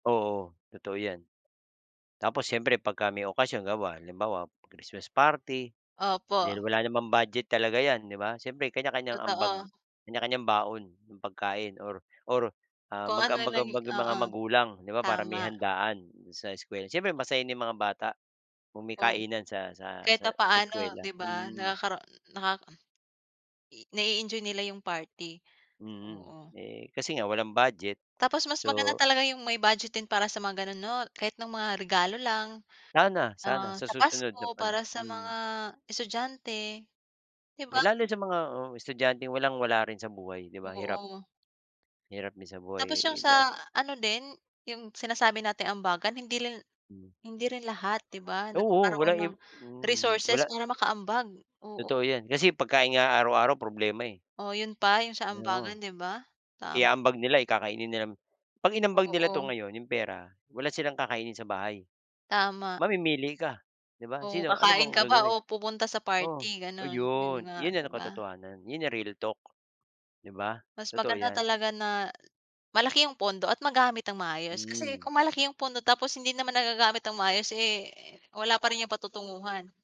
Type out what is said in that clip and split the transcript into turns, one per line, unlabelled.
Oo. Totoo 'yan. Tapos siyempre pagka may okasyon bawa halimbawa, Christmas party. Dahil
Opo.
wala namang budget talaga 'yan, 'di ba? Siyempre, kanya-kanyang ambag.
Totoo.
Kanya-kanyang baon ng pagkain or or, ah,
Kung ano lang i
mag-ambag-ambag ang mga
oo.
magulang, di ba? Para may
Tama.
handaan sa eskuwela. Siyempre masaya din mga bata kung may
Oo.
kainan sa sa
Kahit
sa sa
papaano,
eskuwela,
'di ba?
mm.
Nakakara naka i nai-enjoy nila yung party.
Mm.
Oo.
Eh, kasi nga walang budget.
Tapos mas maganda
So
talaga yung may budget din para sa mga ganon 'no? Kahit no'ng mga regalo lang,
Sana sana.
ah,
Sa
sa
susunod na
Pasko
pan
para sa
mm.
mga estudyante, 'di
Eh,
ba?
lalo sa mga oo, estudyanteng walang wala rin sa buhay, di ba? Hirap
Oo.
hirap din sa buhay.
Tapos yung
[unintelligible]
sa ano din, yung sinasabi nating ambagan, hindi lin
Hmm.
hindi rin lahat, 'di ba?
Oo
Nagkakaroon
walang
ng
imp hmm.
resources
Wala.
para makaambag. Oo.
Totoo 'yan. Kasi pagkain nga araw-araw problema eh.
Oh 'yon pa, yung sa ambagan,
Oo.
'di ba? Tama.
Iaambag nila, eh, kakainin nilang 'pag inambag nila 'to
Oo.
ngayon, yung pera, wala silang kakainin sa bahay.
Tama.
Mamimili ka, 'di ba?
Oo,
Sino ano bang
kakain ka ba
gagawin?
oo pupunta sa
Oo
party? Gano'n, 'yon
'yon,
nga,
'yon na
'di
ang
ba?
katotohanan. Yun na real talk, 'di ba?
Mas
Totoo
maganda
'yan.
talaga na malaki yung pondo at magamit nang maayos kasi
Hmm.
kung malaki yung pondo tapos hindi naman nagagamit nang maayos, eh, wala pa rin yung patutunguhan.